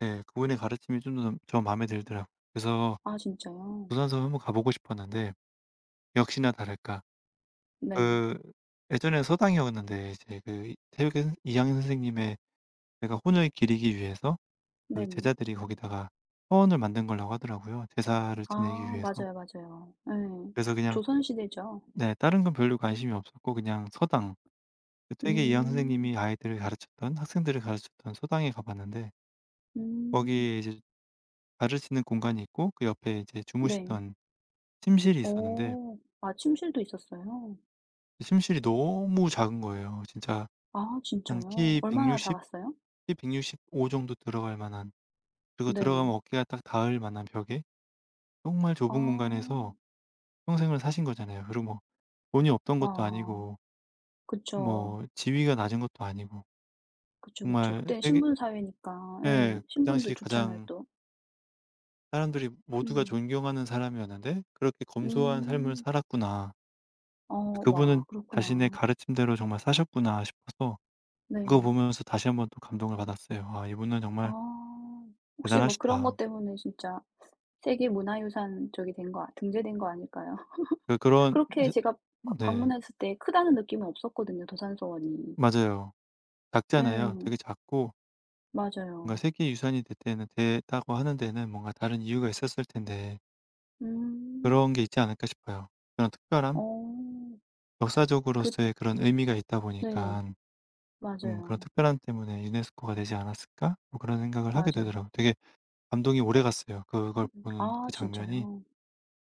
예. 그분의 가르침이 좀 좀 저 마음에 들더라. 그래서 아 진짜요? 도산서원 한번 가 보고 싶었는데 역시나 다를까. 네. 그 예전에 서당이었는데 이제 그 퇴계 이황 선생님의 내가 혼을 기리기 위해서 그 네. 제자들이 거기다가 화원을 만든 거라고 하더라고요 제사를 지내기 아. 위해서. 맞아요, 맞아요. 예. 그래서 그냥 조선 시대죠? 네. 다른 건 별로 관심이 없었고 그냥 서당 그 퇴계 이황 음. 선생님이 아이들을 가르쳤던 학생들을 가르쳤던 서당에 가 봤는데 음. 거기에 이제 봐 줄 수 있는 공간이 있고 그 옆에 이제 네. 주무시던 침실이 있었는데 어. 아 침실도 있었어요? 침실이 너무 작은 거예요. 진짜 아 한 진짜요? 키 얼마나 160 작았어요? 키 165 정도 들어갈 만한. 그리고 네. 들어가면 어깨가 딱 닿을 만한 벽에. 정말 좁은 아. 공간에서 평생을 사신 거잖아요. 그리고 돈이 없던 것도 아. 아니고 그쵸. 뭐 지위가 낮은 것도 아니고. 그쵸, 그쵸. 정말 그땐 세계 신분 사회니까 예. 예 '그 신분도 당시 좋잖아요 가장' 또. '사람들이 모두가 음. 존경하는 사람이었는데 그렇게 검소한 삶을 음. 살았구나.' 어. 와 '그분은 자신의 그렇구나. 가르침대로 정말 사셨구나.' 싶어서 그거 네. 보면서 다시 1 번 또 감동을 받았어요. '아 이분은 정말' 아. 혹시 뭐 그런 것 '대단하시다.' 때문에 진짜 세계 문화유산 저기 된 거 등재된 거 아닐까요? 그 그런 그렇게 서 제가 그 네. 방문했을 때 크다는 느낌은 없었거든요 도산서원이. 맞아요. 작잖아요. 예. 되게 작고 뭔가 맞아요. 세계 유산이 되 되는 됐다고 하는 데는 뭔가 다른 이유가 있었을 텐데. 음. 그런 게 있지 않을까 싶어요 그런 특별함? 어. 그 역사적으로서의 그런 의미가 있다 네네. 보니까. 음 '그런 맞아요. 특별함 때문에 유네스코가 되지 않았을까?' 뭐 그런 생각을 하게 맞아요. 되더라. 되게 감동이 오래 갔어요 그걸 음 보는 아 그 장면이. 진짜요?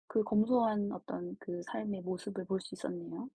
그 검소한 어떤 그 삶의 모습을 볼 수 있었네요.